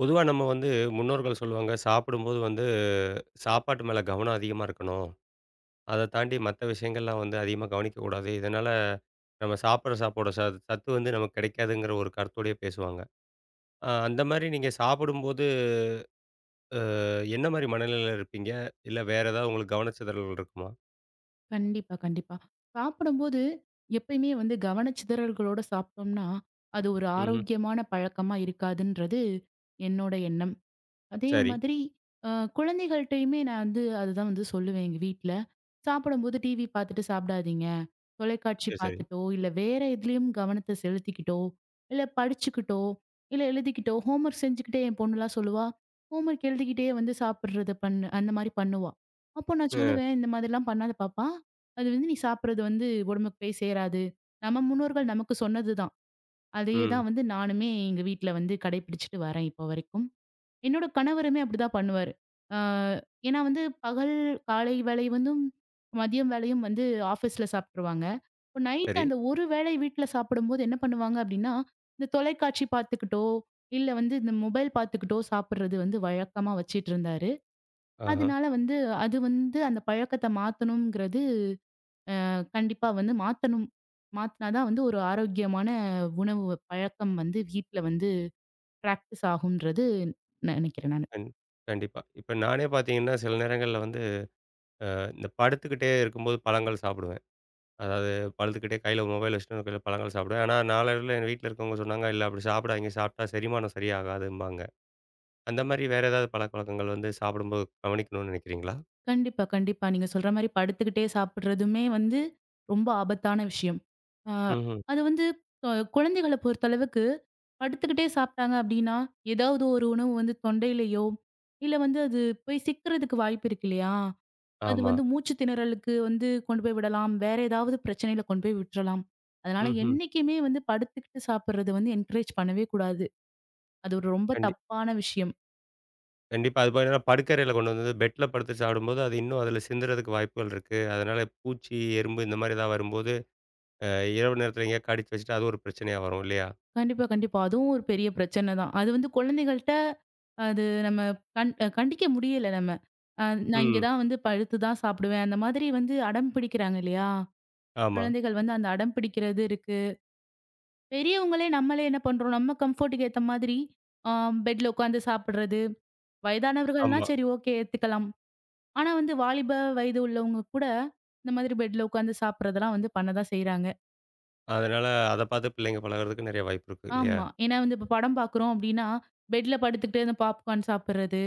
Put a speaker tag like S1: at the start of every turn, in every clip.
S1: பொதுவா நம்ம வந்து முன்னோர்கள் சொல்லுவாங்க சாப்பிடும்போது வந்து சாப்பாட்டு மேல கவனம் அதிகமா இருக்கணும். அதைத் தாண்டி மத்த விஷியங்கள் எல்லாம் வந்து அதிகமா கவனிக்கக் கூடாது. இதனால நம்ம சாப்டுற சாப்பாடோட ச சத்து வந்து நமக்குக் கிடைக்காதுங்கிற ஒரு கருத்தோடயே பேசுவாங்க. அ அந்த மாரி நீங்கச் சாப்பிடும்போது அ என்ன மாரி மனநிலையில இருப்பீங்க? இல்ல, வேற ஏதாவது உங்களுக்குக் கவனச்சிதறல் இருக்குமா?
S2: கண்டிப்பா, கண்டிப்பா. சாப்புடும்போது எப்பயுமே வந்து கவனச்சிதறல்களோட சாப்ட்டோம்னா, அது ஒரு
S1: ம்ஹ்ம்.
S2: ஆரோக்கியமான பழக்கமா இருக்காதுன்றது என்னோட எண்ணம். அதே
S1: சரி.
S2: மாதிரி அ குழந்தைகள்ட்டயுமே நான் வந்து அது தான் வந்து சொல்லுவேன் எங்க வீட்ல. சாப்பிடும்போது டிவி பாத்துட்டு சாப்டாதீங்க. தொலைக்காட்சி
S1: மிக சரி.
S2: பாத்துட்டோ, இல்ல, வேற எதுலயும் கவனத்தை செலுத்திக்கிட்டோ, இல்ல படிச்சுக்கிட்டோ, இல்ல எழுதிக்கிட்டோ ஹோம்வொர்க் செஞ்சுகிட்டே என் பொண்ணு எல்லாம் சொல்லுவா. ஹோம்வொர்க் எழுதிக்கிட்டே வந்து சாப்பிடுறதை பண்ணு அந்த மாதிரி பண்ணுவா. அப்போ நான்
S1: ஆ.
S2: சொல்லுவேன். "இந்த மாதிரி எல்லாம் பண்ணாத பாப்பா. அது வந்து நீ சாப்பிடுறது வந்து உடம்புக்குப் போய்சேராது." நம்ம முன்னோர்கள் நமக்குச் சொன்னதுதான். அதையே
S1: ம்.
S2: தான் வந்து நானுமே எங்க வீட்ல வந்து கடைப்பிடிச்சிட்டு வர்றேன் இப்ப வரைக்கும். என்னோட கணவருமே அப்டி தான் பண்ணுவாரு. அ ஏனா வந்து பகல் காலை வேளை வந்தும், மதியம் வேளையும் வந்து ஆஃபிஸ்ல சாப்ட்டுருவாங்க. இப்ப நைட்டு
S1: சரி.
S2: அந்த ஒரு வேளை வீட்ல சாப்பிடும்போது என்ன பண்ணுவாங்க அப்டின்னா, இந்தத் தொலைக்காட்சி பாத்துக்கிட்டோ, இல்ல வந்து இந்த மொபைல் பாத்துக்கிட்டோ சாப்பிடுறது வந்து வழக்கமா வச்சிட்டு இருந்தாரு.
S1: ஆஹா.
S2: அதனால வந்து அது வந்து அந்தப் பழக்கத்தை மாத்தணுங்கிறது அ கண்டிப்பா வந்து மாத்தணும். மாத்துனாதான் வந்து ஒரு ஆரோக்கியமான உணவு பழக்கம் வந்து வீட்ல வந்து பிராக்டிஸ் ஆகும்ன்னு நினைக்குறேன் நானு.
S1: கண் கண்டிப்பா. இப்ப நானே பாத்தீங்கன்னா சில நேரங்கள்ல வந்து, ஆ, இந்தப் படுத்துக்கிட்டே இருக்கும்போது பழங்கள் சாப்டுவேன். அதாவது படுத்துக்கிட்டே கையில மொபைல வச்சுட்டு ஒரு கையில கொஞ்சம் பழங்கள் சாப்பிடுவேன். ஆனா நாளடைவில என் வீட்ல இருக்கவங்க சொன்னாங்க, இல்ல அப்படி சாப்டாதீங்க. சாப்ட்டா செரிமானம் சரியாகாதும்பாங்க. அந்த மாரி வேற ஏதாவது பழக்கவழக்கங்கள் வந்து சாப்பிடும்போது கவனிக்கணும்னு நினைக்கிறீங்களா?
S2: கண்டிப்பா, கண்டிப்பா. நீங்கச் சொல்ற மாரி படுத்துக்கிட்டே சாப்பிடுறதுமே வந்து ரொம்ப ஆபத்தான விஷியம். அ
S1: ம்ஹ்ம்.
S2: அது வந்து கு குழந்தைகளைப் பொறுத்த அளவுக்கு படுத்துக்கிட்டே சாப்ட்டாங்க அப்டின்னா, ஏதாவது ஒரு உணவு வந்து தொண்டையிலயோ, இல்ல வந்து அது போய் சிக்கிறதுக்கு வாய்ப்பு இருக்கு இல்லையா? அது
S1: ஆமா.
S2: வந்து மூச்சுத் திணறலுக்கு வந்து கொண்டு போய் விடலாம். வேற ஏதாவது பிரச்சனையில கொண்டு போய் விட்றலாம். அதனால
S1: ம்ஹ்ம்.
S2: என்னைக்குமே வந்து படுத்துக்கிட்டு சாப்புறது வந்து என்கரேஜ் பண்ணவே கூடாது. அது ஒரு ரொம்ப
S1: கண்டிப்
S2: தப்பான விஷியம்.
S1: கண்டிப்பா. அது போக என்னனா படுக்கரையில கொண்டு வந்து பெட்ல படுத்துச் சாப்பிடும்போது அது இன்னும் அதுல சிந்துறதுக்கு வாய்ப்புகள் இருக்கு. அதனால பூச்சி, எறும்பு இந்த மாதிரி எதாவது வரும்போது, ஆ, இரவு நேரத்தில எங்கேயோ கடிச்சு வச்சிட்டா, அது ஒரு பிரச்சனையா வரும் இல்லையா?
S2: கண்டிப்பா, கண்டிப்பா. அதுவும் ஒரு பெரிய பிரச்சனைதான். அது வந்து குழந்தைகள்ட அது நம்ம கண் கண்டிக்க முடியல நம்ம. அ நான் இங்க
S1: ம்.
S2: தான் வந்து படுத்துதான் சாப்பிடுவேன். அந்த மாதிரி வந்து அடம் பிடிக்கிறாங்க இல்லையா?
S1: ஆமா.
S2: குழந்தைகள் வந்து அந்த அடம் பிடிக்கிறது இருக்கு. பெரியவங்களே நம்மளே என்ன பண்றோம்? நம்ம கம்ஃபோர்ட்டுக்கு ஏத்த மாதிரி ஆ பெட்ல உக்காந்து சாப்பிடுறது. வயதானவர்கள்ன்னா
S1: ஆமா.
S2: சரி ஓகே ஏத்துக்கலாம். ஆனா வந்து வாலிப வயது உள்ளவங்க கூட இந்த மாதிரி பெட்ல உக்காந்து சாப்பிடுறதெல்லாம் வந்து பண்ணதான் செய்யறாங்க.
S1: அதனால அதைப் பார்த்துப் பிள்ளைங்க பழகுறதுக்கு நிறைய வாய்ப்பு இருக்கு இல்லையா?
S2: ஆமா. ஏன்னா வந்து இப்ப படம் பாக்குறோம் அப்படின்னா, பெட்ல படுத்துக்கிட்டு அந்த பாப்க்கார்ன் சாப்பிடுறது.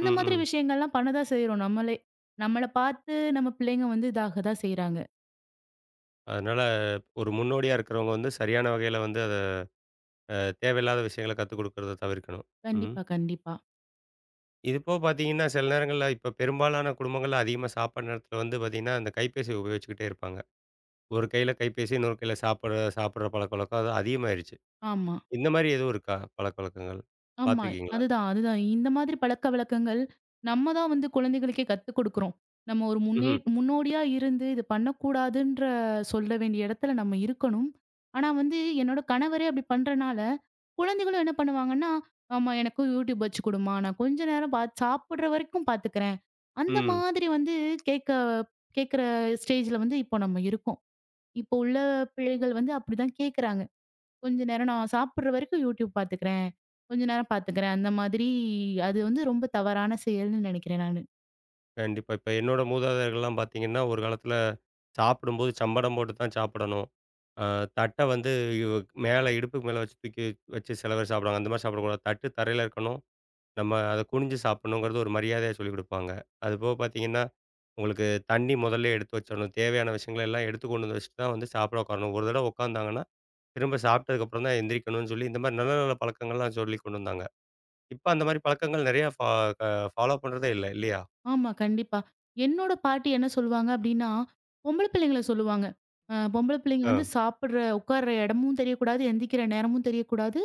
S1: ம்.
S2: மாதிரி
S1: ம்.
S2: விஷயங்கள் எல்லாம் பண்ணதான் செய்றோம் நம்மளே. நம்மள பார்த்து நம்ம பிள்ளைங்க வந்து இதாகதான் செய்யறாங்க.
S1: அதனால ஒரு முன்னோடியா இருக்கிறவங்க வந்து சரியான வகையில வந்து அதை ஆ, தேவையில்லாத விஷயங்களை கத்துக்கொடுக்கிறத தவிர்க்கணும். ம்.
S2: கண்டிப்பா, கண்டிப்பா.
S1: இது இப்போ பாத்தீங்கன்னா சில நேரங்கள்ல, இப்ப பெரும்பாலான குடும்பங்கள்ல அதிகமா சாப்பிட நேரத்தில வந்து பாத்தீங்கன்னா, அந்த கைப்பேசி உபயோகிச்சுக்கிட்டே இருப்பாங்க. ஒரு கையில கைப்பேசி, இன்னொரு கையில சாப்பிடுற சாப்பிடுற பழக்கவழக்கங்கள் அது அதிகமாயிருச்சு.
S2: ஆமா.
S1: இந்த மாரி எதுவும் இருக்கா, பழக்கவழக்கங்கள்?
S2: ஆமா.
S1: பாத்திருக்கீங்களா?
S2: அதுதான், அதுதான். இந்த மாதிரி பழக்க வழக்கங்கள் நம்மதான் வந்து குழந்தைகளுக்கே கத்துக்கோடுக்குறோம். நம்ம முன்னே
S1: ம்ஹ்ம்.
S2: முன்னோடியா இருந்து இது பண்ணக்கூடாதுன்ற சொல்ல வேண்டிய இடத்துல நம்ம இருக்கணும். ஆனா வந்து என்னோட கணவரே அப்டி பண்றனால குழந்தைகளும் என்ன பண்ணுவாங்கன்னா, "அம்மா, எனக்கும் YouTube வச்சு கொடும்மா. நான் கொஞ்ச நேரம் பாத்துச் சாப்புடுற வரைக்கும் பாத்துக்குறேன்." அந்த
S1: ம்.
S2: மாதிரி வந்து கேட்க கேக்குற ஸ்டேஜ்ல வந்து இப்ப நம்ம இருக்கோம். இப்ப உள்ள பிள்ளைகள் வந்து அப்டி தான் கேக்குறாங்க. "கொஞ்ச நேரம் நான் சாப்பிடுற வரைக்கும் YouTube பாத்துக்கிறேன். கொஞ்ச நேரம் பாத்துக்கிறேன்." அந்த மாதிரி அது வந்து ரொம்ப தவறான செயல்னு நெனைக்கிறேன் நானு.
S1: கண்டிப்பா. இப்ப என்னோட மூதாதையர்கள்லாம் பாத்தீங்கன்னா, ஒரு காலத்துல சாப்பிடும்போது சம்படம் போட்டுத்தான் சாப்படணும். ஆ தட்ட வந்து மேல, இடுப்புக்கு மேல வச்சு தூக்கி, வச்சு சில பேர் சாப்பிடுவாங்க. அந்த மாரி சாப்பிடக் கூடாது. தட்டு தரையில இருக்கணும். நம்ம அதை குனிஞ்சு சாப்படணும்கிறது ஒரு மரியாதையா சொல்லிக் கொடுப்பாங்க. அது போகப் பாத்தீங்கன்னா உங்களுக்குத் தண்ணீ முதல்லயே எடுத்து வச்சிரணும். தேவையான விஷயங்களை எல்லாம் எடுத்துக் கொண்டு வந்து வச்சிட்டுதான் வந்து சாப்ட உக்காரணும். ஒரு தடவை உக்கார்ந்தாங்கன்னா, திரும்பச் சாப்டதுக்கு அப்புறம்தான் எந்திரிக்கணும்னு சொல்லி, இந்த மாரி நல்ல நல்ல பழக்கங்கள்லாம் சொல்லிக் கொண்டு வந்தாங்க. இப்ப அந்த மாரிப் பழக்கங்கள் நெறைய ஃப க ஃபாலோ பண்றதே இல்ல, இல்லையா?
S2: ஆமா கண்டிப்பா. என்னோட பாட்டி என்ன சொல்லுவாங்க அப்டின்னா, பொம்பள பிள்ளைங்கள சொல்லுவாங்க. அ "பொம்பள பிள்ளைங்க வந்து
S1: ஆ.
S2: சாப்புடுற உக்காருற இடமும் தெரியக் கூடாது, எழுந்திக்கிற நேரமும் தெரியக் கூடாது.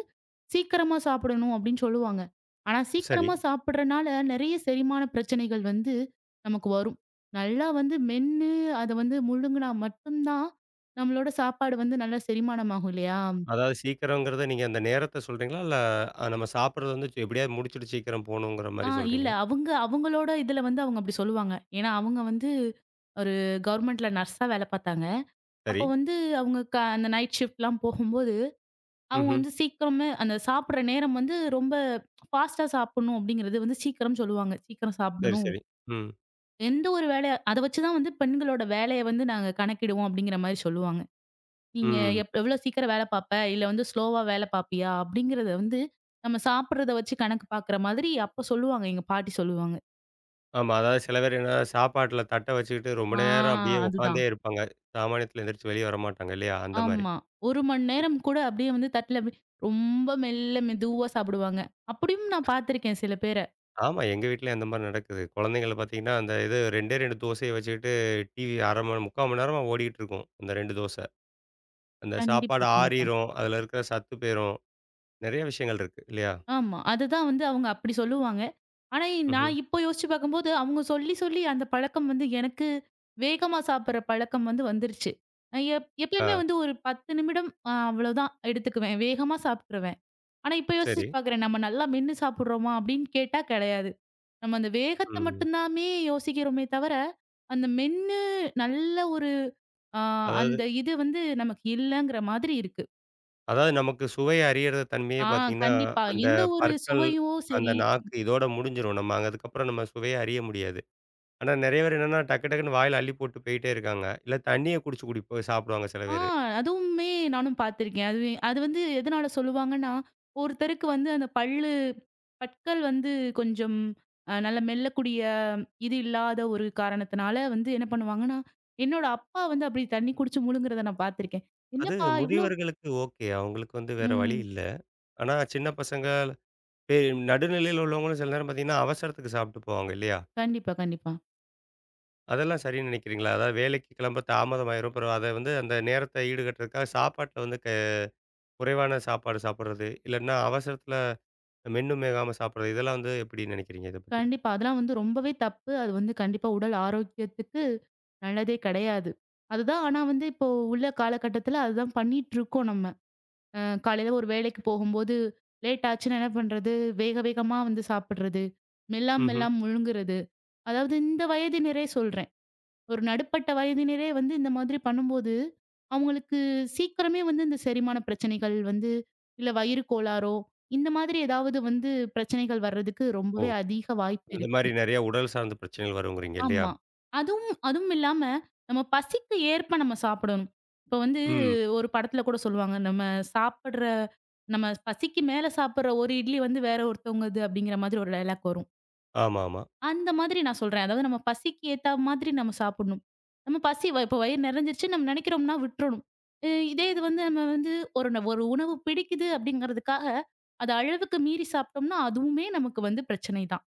S2: சீக்கிரமா சாப்படணும்." அப்டின்னு சொல்லுவாங்க. ஆனா
S1: சரி.
S2: சீக்கிரமா சாப்புறனால நெறைய செரிமான பிரச்சனைகள் வந்து நமக்கு வரும். நல்லா வந்து மென்னு அதை வந்து முழுங்குனா மட்டும்தான், நம்மளோட சாப்பாடு வந்து நல்லா செரிமானம் ஆகும் இல்லையா?
S1: அதாவது சீக்கிரம்ங்கறத, நீங்க அந்த நேரத்த சொல்றீங்களா? இல்ல, நம்ம சாப்புடறது வந்து சு எப்டியாவது முடிச்சிட்டு சீக்கிரம் போகணும்கற
S2: ஆ
S1: மாரி
S2: இல்ல.
S1: சொல்றீங்களா?
S2: அவங்க அவங்களோட இதுல வந்து அவங்க அப்டி சொல்லுவாங்க. ஏன்னா அவங்க வந்து ஒரு கவெர்மெண்ட்ல நர்ஸா ஆ வேல பாத்தாங்க. அப்ப
S1: சரி.
S2: வந்து அவங்க க அந்த நைட் ஃசிப்ட்லாம் போகும்போது, அவங்க
S1: ம்ஹ்ம்.
S2: வந்து சீக்கிரமே அந்தச் சாப்புடுற நேரம் வந்து ரொம்ப ஃபாஸ்ட்டா சாப்புடணும் அப்டிங்கறது வந்து சீக்கிரம் சொல்லுவாங்க. சீக்கிரம்
S1: சரி
S2: சாப்புடணும்.
S1: சரி. ம்.
S2: "எந்த ஒரு வேலைய அதை வச்சுதான் வந்து பெண்களோட வேலைய வந்து நாங்க கணக்கிடுவோம்" அப்டிங்கிற மாரி சொல்லுவாங்க. "நீங்க
S1: ம், ம்.
S2: எப் எவ்வளவு சீக்கிரம் வேல பாப்ப? இல்ல வந்து ஸ்லோவா வேல பாப்பியா?" அப்டிங்கறத வந்து, நம்ம சாப்புடுறத வச்சு கணக்கு பாக்குற மாதிரி அப்பச் சொல்லுவாங்க. எங்க பாட்டி சொல்லுவாங்க.
S1: ஆமா. அதாவது சில பேர் என்னன்னா, சாப்பாட்டுல தட்ட வச்சுக்கிட்டு ரொம்ப
S2: ஆ.
S1: நேரம் அப்டியே
S2: அதுதான்.
S1: உக்கார்ந்தே இருப்பாங்க. சாமானியத்துல எழுந்துருச்சு வெளிய வரமாட்டாங்க இல்லையா? அந்த மாரி.
S2: ஆமா. 1 மணி
S1: இப்
S2: நேரம் கூட அப்டியே வந்து தட்டுல அப்டி ரொம்ப மெல்ல, மெதுவா சாப்டுவாங்க. அப்டியும் நான் பாத்திருக்கேன் சில பேர.
S1: ஆமா. எங்க வீட்டிலயும் அந்த மாரி நடக்குது. குழந்தைகளப் பாத்தீங்கன்னா, அந்த இது 2, 2 தோசையை வச்சுக்கிட்டு டிவி 1/2 மணி 3/4 மணி நேரமா ஓடிக்கிட்டு இருக்கும். அந்த 2 தோசை. அந்தச்
S2: கண்டிப்பா,
S1: சாப்பாடு
S2: கண்டிப்பா.
S1: ஆறிரும். அதுல இருக்கற சத்து போயிரும். நெறைய விஷயங்கள் இருக்கு. இல்லையா?
S2: ஆமா. அதுதான் வந்து அவங்க அப்படி சொல்லுவாங்க. ஆனா
S1: ம்ஹ்ம்.
S2: நான் இப்போ யோசிச்சு பாக்கும்போது அவங்க சொல்லிச் சொல்லி அந்தப் பழக்கம் வந்து எனக்கு வேகமா சாப்டுற பழக்கம் வந்து வந்துருச்சு. நான் எப் எப்பவுமே
S1: ஆ.
S2: வந்து ஒரு 10 நிமிடம் அவ்ளோதான் எடுத்துக்குவேன். வேகமா சாப்டுருவேன். ஆனா, இப்ப யோசிச்சு
S1: செரி.
S2: பாக்குறேன். நம்ம நல்லா மென்னு சாப்டுறோமா, அப்டின்னு கேட்டா கேடையாது. நம்ம அந்த வேகத்த
S1: ம்.
S2: மட்டுந்தாமே யோசிக்கிறோமே தவர, அந்த மென்னு நல்ல ஒரு அ
S1: அதாவது
S2: அந்த இது வந்து நமக்கு இல்லங்கற மாதிரி இருக்கு.
S1: அதாவது நமக்குச் சுவைய அறியுற
S2: ஆ.
S1: தன்மையைப் பாத்தீங்கன்னா
S2: கண்டிப்பா. எந்த
S1: அந்தப்
S2: ஒரு
S1: பற்கள்,
S2: சுவையும்
S1: அந்த
S2: சரி
S1: நாக்கு இதோட முடிஞ்சிரும். நம்ம அங்க அதுக்கப்பறம் நம்ம சுவையை அறிய முடியாது. ஆனா நெறைய பேர் என்னன்னா டக்கு டக்குன்னு வாயில அள்ளிப் போட்டுப் போயிட்டே இருக்காங்க. இல்ல தண்ணியைக் குடிச்சு குடி போய்ச் சாப்பிடுவாங்க சில
S2: ஆ.
S1: பேரு.
S2: அதுவுமே நானும் பாத்துருக்கேன். அதுவே அது வந்து எதனால சொல்லுவாங்கன்னா ஒருத்தருக்கு வந்து அந்தப் பல்லு பற்கள் வந்து கொஞ்சம் நல்ல மெல்லக்கூடிய இது இல்லாத ஒரு காரணத்துனால வந்து என்ன பண்ணுவாங்கனா என்னோட அப்பா வந்து அப்படி தண்ணி குடிச்சு முழுங்குறத நான் பாத்துருக்கேன்.
S1: அது
S2: என்னப்பா இவ்ளோ
S1: முதிவர்களுக்கு ஓகே. அவங்களுக்கு வந்து வேற வழி
S2: ம்.
S1: இல்ல. ஆனா சின்னப் பசங்க, பே நடு நிலையில உள்ளவங்களும் சில நேரம் பாத்தீங்கன்னா அவசரத்துக்குச் சாப்பிட்டுப் போவாங்க இல்லையா?
S2: கண்டிப்பா. கண்டிப்பா.
S1: அதெல்லாம் சரி நினைக்கிறீங்களா? அதாவது வேலைக்குக் கிளம்ப தாமதமாயிரும். அப்புறம் அதை வந்து அந்த நேரத்த ஈடுகட்டுறதுக்காகச் சாப்பாட்டுல வந்து க குறைவான சாப்பாடு சாப்பிடுறது. இல்லைன்னா அவசரத்துல மென்னும் மெல்லாம சாப்பிடுறது. இதெல்லாம் வந்து எப்படி நினைக்கிறீங்க இதைப் பத்தி?
S2: கண்டிப்பா. அதெல்லாம் வந்து ரொம்பவே தப்பு. அது வந்து கண்டிப்பா உடல் ஆரோக்கியத்துக்கு நல்லதே கிடையாது. அதுதான், ஆனா வந்து இப்போ உள்ள காலகட்டத்துல அதுதான் பண்ணிட்டு இருக்கோம் நம்ம. அ காலையில ஒரு வேலைக்குப் போகும்போது லேட்டாச்சுனா என்ன பண்றது, வேக வேகமா வந்து சாப்பிடுறது. மெல்லாம
S1: ம்ஹ்ம்.
S2: மெல்லாம முழுங்குறது. அதாவது இந்த வயதினரே சொல்றேன். ஒரு நடுப்பட்ட வயதினரே வந்து இந்த மாதிரி பண்ணும்போது அவுங்களுக்கு சீக்கிரமே இந்தச் செரிமான பிரச்சனைகள் வந்து இல்ல வயிறு கோளாறோ இந்த மாதிரி ஏதாவது வந்து பிரச்சனைகள் வர்றதுக்கு
S1: ஓ.
S2: ரொம்பவே அதீக வாய்ப்பு
S1: அந்த மாரி
S2: இருக்கு.
S1: நிறைய உடல் சார்ந்த பிரச்சனைகள் வருங்கறீங்க இல்லையா?
S2: ஆமா. அதுவும் அதுவும் இல்லாம நம்ம பசிக்கு ஏற்ப நம்ம சாப்பிடணும். இப்போ வந்து
S1: ம்.
S2: ஒரு படத்துல கூடச் சொல்லுவாங்க, நம்ம சாப்பிடுற நம்ம பசிக்கு மேல சாப்பிடுற 1 இட்லி வந்து வேற ஒருத்தங்கது அப்படிங்கிற மாதிரி ஒரு டயலாக் வரும்.
S1: ஆமாமா.
S2: அந்த மாதிரி நான் சொல்றேன். அதாவது நம்ம பசிக்கு ஏத்தா மாதிரி நாம சாப்பிடணும். நம்ம பசி இப்ப வயறு நிறைஞ்சிடுச்சுன்னு நம்ம நினைக்கிறோம்னா விட்டுறணும். இ இதே வந்து நம்ம வந்து ஒரு ந ஒரு உணவு பிடிக்குது அப்படிங்கறதுக்காக, அது அளவுக்கு மீறிச் சாப்பிட்டோம்னா, அதுவுமே நமக்கு வந்து பிரச்சனை தான்.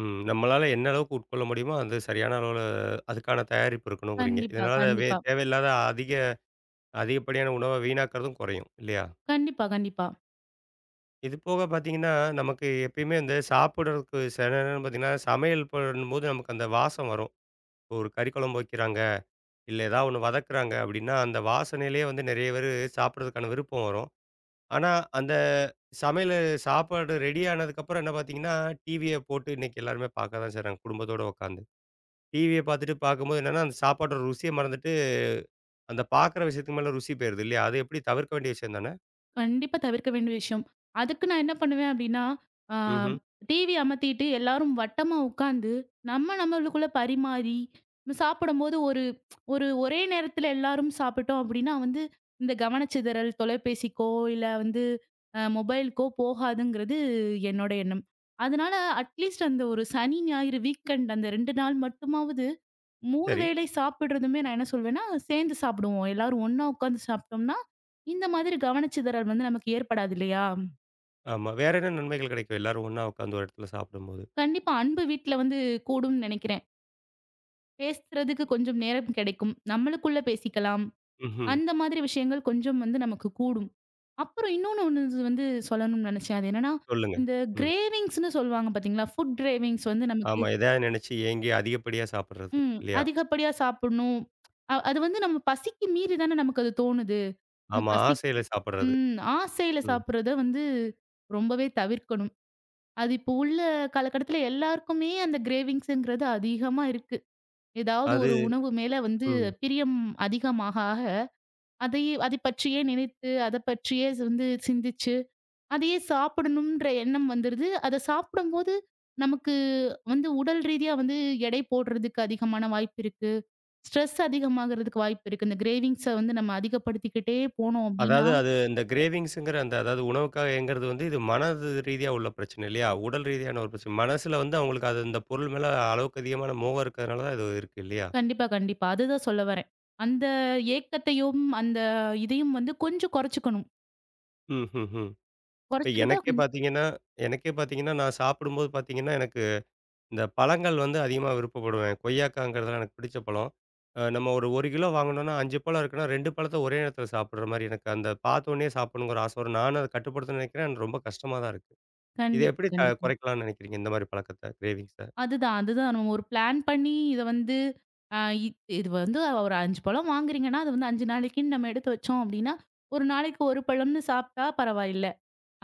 S1: ம். நம்மளால என்ன அளவுக்கு உட்கொள்ள முடியுமோ, அந்தச் சரியான அளவு அதுக்கான தயாரிப்பு இருக்கணும்ங்கறீங்க.
S2: கண்டிப்பா.
S1: இதனால வே
S2: கண்டிப்பா.
S1: தேவை இல்லாத அதிக அதிகப்படியான உணவை வீணாக்கறதும் குறையும் இல்லையா?
S2: கண்டிப்பா. கண்டிப்பா.
S1: இது போகப் பார்த்தீங்கன்னா, நமக்கு எப்பவுமே இந்த சாப்பிடுறதுக்கு சில நேரம் பார்த்தீங்கன்னா சமையல் பண்ணும்போது நமக்கு அந்த வாசம் வரும். ஒரு கறி குழம்பு வைக்கிறாங்க. இல்ல எதாவது 1 வதக்குறாங்க அப்படின்னா, அந்த வாசனையிலேயே வந்து நிறைய பேரு சாப்பிடுறதுக்கான விருப்பம் வரும். ஆனா அந்த சமையலு சாப்பாடு ரெடி ஆனதுக்கு அப்புறம் என்ன பார்த்தீங்கன்னா டிவிய போட்டு இன்னைக்கு எல்லாருமே பார்க்கதான் செய்றாங்க, குடும்பத்தோட உக்காந்து. டிவிய பார்த்துட்டு பார்க்கும்போது என்னன்னா அந்தச் சாப்பாட்டோட ருசியை மறந்துட்டு, அந்தப் பார்க்கிற விஷயத்து மேல ருசி போயிருது இல்லையா? அதை எப்படி தவிர்க்க வேண்டிய விஷயம் தானே?
S2: கண்டிப்பா தவிர்க்க வேண்டிய விஷயம். அதுக்கு நான் என்ன பண்ணுவேன் அப்படின்னா, அ
S1: ம்ஹ்ம்.
S2: டிவிய அமத்திட்டு எல்லாரும் வட்டமா உக்காந்து, நம்ம நம்மளுக்குள்ள பரிமாறி சாப்பிடும்போது ஒரு ஒரு ஒரே நேரத்துல எல்லாரும் சாப்பிட்டோம் அப்படின்னா, வந்து இந்தக் கவனச்சிதறல் தொலைபேசிக்கோ, இல்ல வந்து மொபைல்கோ போகாதுங்கிறது என்னோட எண்ணம். அதனால அட் லீஸ்ட் அந்த ஒரு சனி, ஞாயிறு வீக்எண்டு, அந்த 2 நாள் மட்டுமாவது 3
S1: சரி.
S2: வேளை சாப்பிடுறதுமே, நான் என்ன சொல்வேன்னா, சேர்ந்து சாப்பிடுவோம். எல்லாரும் ஒண்ணா உக்காந்து சாப்பிட்டோம்னா, இந்த மாதிரி கவனச்சிதறல் நமக்கு ஏற்படாது இல்லையா?
S1: ஆமா. வேற என்ன நன்மைகள் கிடைக்கும் எல்லாரும் ஒண்ணா உக்காந்து ஒரு இடத்துல சாப்டும்போது?
S2: கண்டிப்பா அன்பு வீட்ல வந்து கூடும்னு நெனைக்கிறேன். பேசுறதுக்கு கொஞ்சம் நேரம் கிடைக்கும். நம்மளுக்குள்ள பேசிக்கலாம்.
S1: ம்ஹ்ம்.
S2: அந்த மாதிரி விஷயங்கள் கொஞ்சம் நமக்குக் கூடும். அப்புறம் இன்னொன்னு ஒண்ணு வந்து சொல்லணும்னு நெனைச்சேன். அது என்னன்னா
S1: சொல்லுங்க.
S2: இந்த
S1: ம்.
S2: க்ரேவின்ங்ஸ்ன்னு சொல்லுவாங்க பாத்தீங்களா. ஃபுட்க்ரேவின்ங்ஸ் வந்து நமக்கு
S1: ஆமா, எதையா நெனைச்சு ஏங்கி அதிகப்படியா சாப்பிடுறது
S2: ம்.
S1: இல்லையா?
S2: அதிகப்படியா சாப்புட்ணும். அ அது வந்து நம்ம பசிக்கு மீறித்தானே நமக்கு அது தோணுது.
S1: ஆமா,
S2: பசி
S1: ஆசையில சாப்பிடுறது,
S2: ம். ஆசைல
S1: ம்.
S2: சாப்பிடுறத வந்து ரொம்பவே தவிர்க்கணும். அது இப்ப உள்ள காலகட்டத்துல எல்லாருக்குமே அந்த க்ரேவின்ங்ஸ்ங்கிறது அதிகமா இருக்கு. ஏதாவது
S1: அது
S2: ஒரு உணவு மேல வந்து
S1: ம்.
S2: பிரியம் அதிகமாக ஆக அதை அதைப் பற்றியே நினைத்து அதைப் பற்றியே வந்து சிந்திச்சு அதையே சாப்பிடனும்ன்ற எண்ணம் வந்துடுது. அதைச் சாப்பிடும்போது நமக்கு வந்து உடல் ரீதியா வந்து எடை போடுறதுக்கு அதிகமான வாய்ப்பு இருக்கு. ஸ்ட்ரெஸ் அதிகமாகுறதுக்கு வாய்ப்பு இருக்கு. இந்த க்ரேவின்ங்ஸ் வந்து நம்ம அதிகப்படுத்திக்கிட்டே போனோம் அப்டின்னா.
S1: அதாவது அது இந்தக் க்ரேவின்ங்ஸ்கிற அந்த அதாவது உணவுக்காக ஏங்குறது வந்து இது மனதுரீதியா உள்ள பிரச்சனை இல்லையா? உடல் ரீதியான ஒரு பிரச்சனை மனசுல வந்து அவங்களுக்கு அது அந்தப் பொருள் மேல அளவுக்கு அதிகமான மோகம் இருக்கறதுனாலதான் இது இருக்கு இல்லையா?
S2: கண்டிப்பா, கண்டிப்பா அது தான் சொல்ல வரேன். அந்த ஏக்கத்தையும், அந்த இதையும் வந்து கொஞ்சம் கோறச்சுக்கணும்.
S1: ம்ஹ்ஹ்ம். இப்ப
S2: குறைச்சுக்கிட்டா.
S1: எனக்கே
S2: கொஞ்
S1: பார்த்தீங்கன்னா எனக்கே பார்த்தீங்கன்னா நான் சாப்பிடும்போது பார்த்தீங்கன்னா எனக்கு இந்த பழங்கள் வந்து அதிகமா விருப்பப்படுவேன். கொய்யாக்காங்கிறது எல்லாம் எனக்குப் பிடிச்ச பழம். நம்ம ஒரு 1 கிலோ வாங்கணும்னா 5 பழம் இருக்கணும். 2 பழத்தை ஒரே இடத்துல சாப்பிடுற மாதிரி எனக்கு அந்தப் பார்த்தவுடனே சாப்பிடணும்ங்கிற ஆசை வரும். நானும் அதைக் கட்டுப்படுத்துறதுன்னு நினைக்கிறேன். எனக்கு ரொம்ப கஷ்டமா தான் இருக்கு. இதை
S2: கண்டிப்பா.
S1: எப்படி
S2: கண்டிப்பா
S1: குறைக்கலாம்னு நினைக்கிறீங்க? இந்த மாரி பழக்கத்தை க்ரேவிங்ஸ்ஸ.
S2: அது தான் அது தான் ஒரு ப்ளான் பண்ணி இத வந்து அ இது வந்து ஒரு 5 பழம் வாங்குறீங்க. அது வந்து 5 நாளைக்கு நாம எடுத்து வச்சோம். அப்படின்னா 1 நாளைக்கு 1 பழம்னு சாப்பிட்டா பரவாயில்ல.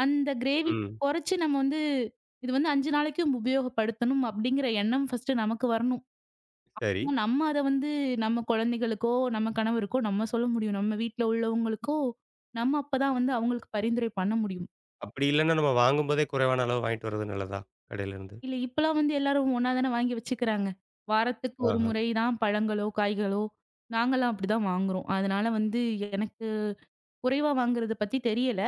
S2: அந்த க்ரேவிங்க்ஸ்
S1: ம்.
S2: குறைச்சு நம்ம வந்து இது வந்து 5 நாளைக்கு உபயோகப்படுத்தனும் அப்படிங்கற எண்ணம் ஃபர்ஸ்ட்டு நமக்கு வரணும்.
S1: சரி.
S2: நம்ம அத வந்து நம்ம குழந்தைகளுக்கோ, நம்ம கணவருக்கோ நம்ம சொல்ல முடியும். நம்ம வீட்டுல உள்ளவங்களுக்கோ நம்ம அப்பதான் வந்து அவங்களுக்கு பரிந்துரை பண்ண முடியும்.
S1: அப்படி இல்லைன்னா நம்ம வாங்கும்போதே குறைவான அளவு வாங்கிட்டு வர்றது நல்லதா? கடையிலிருந்து.
S2: இல்ல இப்பலாம் வந்து எல்லாரும் ஒண்ணா தானே வாங்கி வச்சுக்குறாங்க. வாரத்துக்கு ஒரு
S1: ஆஹா.
S2: முறை தான் பழங்களோ, காய்களோ. நாங்கல்லாம் அப்படி தான் வாங்குறோம். அதனால வந்து எனக்குக் குறைவா வாங்குறது பத்தி தெரியல.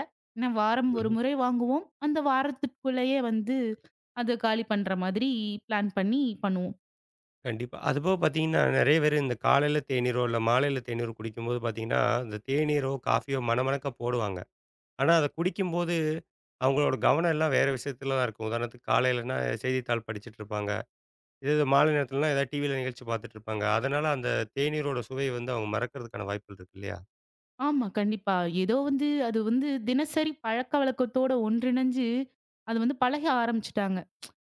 S2: வாரம் ஒரு
S1: ம்ஹ்ம்.
S2: முறை வாங்குவோம். அந்த வாரத்துக்குள்ள வந்து அதைக் காலி பண்ற மாதிரி ப்ளான் பண்ணி பண்ணுவோம்.
S1: கண்டிப்பா. அது போகப் பாத்தீங்கன்னா நிறைய பேரு இந்தக் காலைல தேனீர் இல்ல மாலைல தேநீர் குடிக்கும்போது பாத்தீங்கன்னா அந்தத் தேனீரோ காபியோ மனமனக்க போடுவாங்க. ஆனா அதைக் குடிக்கும்போது அவுங்களோட கவனம் எல்லாம் வேற விஷியத்துலதான் இருக்கும். உதாரணத்துக்கு காலைலன்னா செய்தித்தாள் படிச்சிட்டு இருப்பாங்க. இதே இது மாலை நேரத்துலனா எதாவது டிவில நிகழ்ச்சி பாத்துட்டு இருப்பாங்க. அதனால அந்தத் தேனீரோட சுவையை வந்து அவுங்க மறக்கறதுக்கான வாய்ப்புகள் இருக்கு இல்லையா?
S2: ஆமா கண்டிப்பா ஏதோ வந்து, அது வந்து தினசரி பழக்க வழக்கத்தோடு ஒன்றிணைஞ்சு அது வந்து பழக ஆரம்பிச்சிட்டாங்க.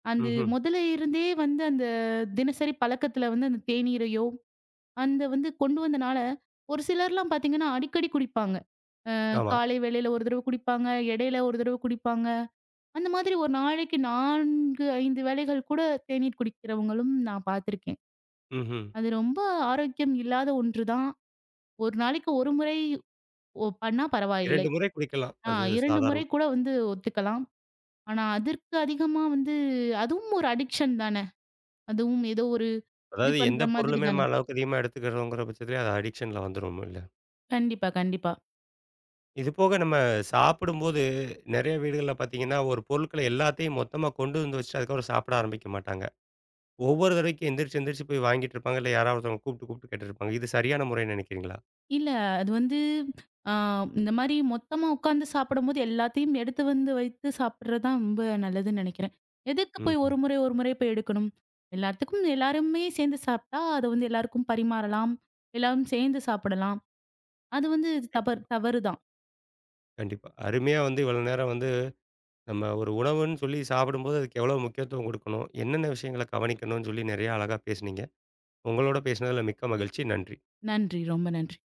S2: அது
S1: ம்ஹ்ம்.
S2: முதலே இருந்தே வந்து அந்தத் தினசரி பழக்கத்துல வந்து அந்தத் தேனீரையோ அந்த வந்து கொண்டு வந்தனால, ஒரு சிலர் எல்லாம் பாத்தீங்கன்னா அடிக்கடி குடிப்பாங்க. அ
S1: ஆமா.
S2: காலை வேளையில ஒரு தடவை குடிப்பாங்க. இடையில ஒரு தடவை குடிப்பாங்க. அந்த மாதிரி ஒரு நாளைக்கு 4, 5 வேளைகள் கூடத் தேநீர் குடிக்கிறவங்களும் நான் பாத்துருக்கேன்.
S1: ம்ஹ்ம்.
S2: அது ரொம்ப ஆரோக்கியம் இல்லாத ஒன்று தான். ஒரு நாளைக்கு 1 முறை பண்ணா
S1: 2
S2: பரவாயில்லை.
S1: முறை குடிக்கலாம்.
S2: அ
S1: அது
S2: 2
S1: சாதாரண
S2: முறை கூட வந்து ஒத்துக்கலாம். ஆனா அதற்கு அதிகமா வந்து அதுவும் ஒரு அடிக்ஷன் தான. அதுவும் ஏதோ ஒரு இது
S1: அதாவது
S2: பண்ற
S1: எந்தப்
S2: மாதிரி
S1: பொருளுமே
S2: தான.
S1: நம்ம அளவுக்கு அதிகமா எடுத்துக்கிறதுங்குற பட்சத்துல அது அடிக்ஷன்ல வந்துரும் இல்ல.
S2: கண்டிப்பா. கண்டிப்பா.
S1: இது போக நம்ம சாப்பிடும்போது நெறைய வீடுகள்ல பாத்தீங்கன்னா ஒரு பொருள்களை எல்லாத்தையும் மொத்தமா கொண்டு வந்து வச்சுட்டு அதுக்கப்புறம் சாப்ட ஆரம்பிக்க மாட்டாங்க. ஒவ்வொரு தடவைக்கும் எந்திரிச்சு எந்திரிச்சு போய் வாங்கிட்டு இருப்பாங்க. இல்ல யாராவது ஒருத்தவங்க கூப்பிட்டு கூப்பிட்டு கேட்டுட்டு இருப்பாங்க. இது சரியான முறைனு நினைக்கிறீங்களா?
S2: இல்ல. அது வந்து. ஆ இந்த மாரி மொத்தமா உக்காந்து சாப்படம்போது எல்லாத்தையும் எடுத்து வந்து வைத்துச் சாப்பிடுறது தான் ரொம்ப நல்லதுன்னு நினைக்கிறேன். எதுக்கு போய் ஒரு
S1: ம்ஹ்ம்.
S2: முறை ஒரு முறை போய் எடுக்கணும். எல்லாத்துக்கும் எல்லாருமே சேந்து சாப்ட்டா அது வந்து எல்லாருக்கும் பரிமாறலாம். எல்லாரும் சேந்து சாப்படலாம். அது வந்து தவறு-
S1: ம்.
S2: தவறு தான்.
S1: கண்டிப்பா. அருமையா வந்து இவ்வளவு நேரம் வந்து நம்ம ஒரு உணவுன்னு சொல்லிச் சாப்படும்போது அதுக்கு எவ்வளவு முக்கியத்துவம் கொடுக்கணும், என்னென்ன விஷியங்களைக் கவனிக்கணும்னு சொல்லி நிறைய அழகா பேசுனீங்க. உங்களோட பேசினதுல மிக்க மகிழ்ச்சி. நன்றி.
S2: நன்றி. ரொம்ப நன்றி.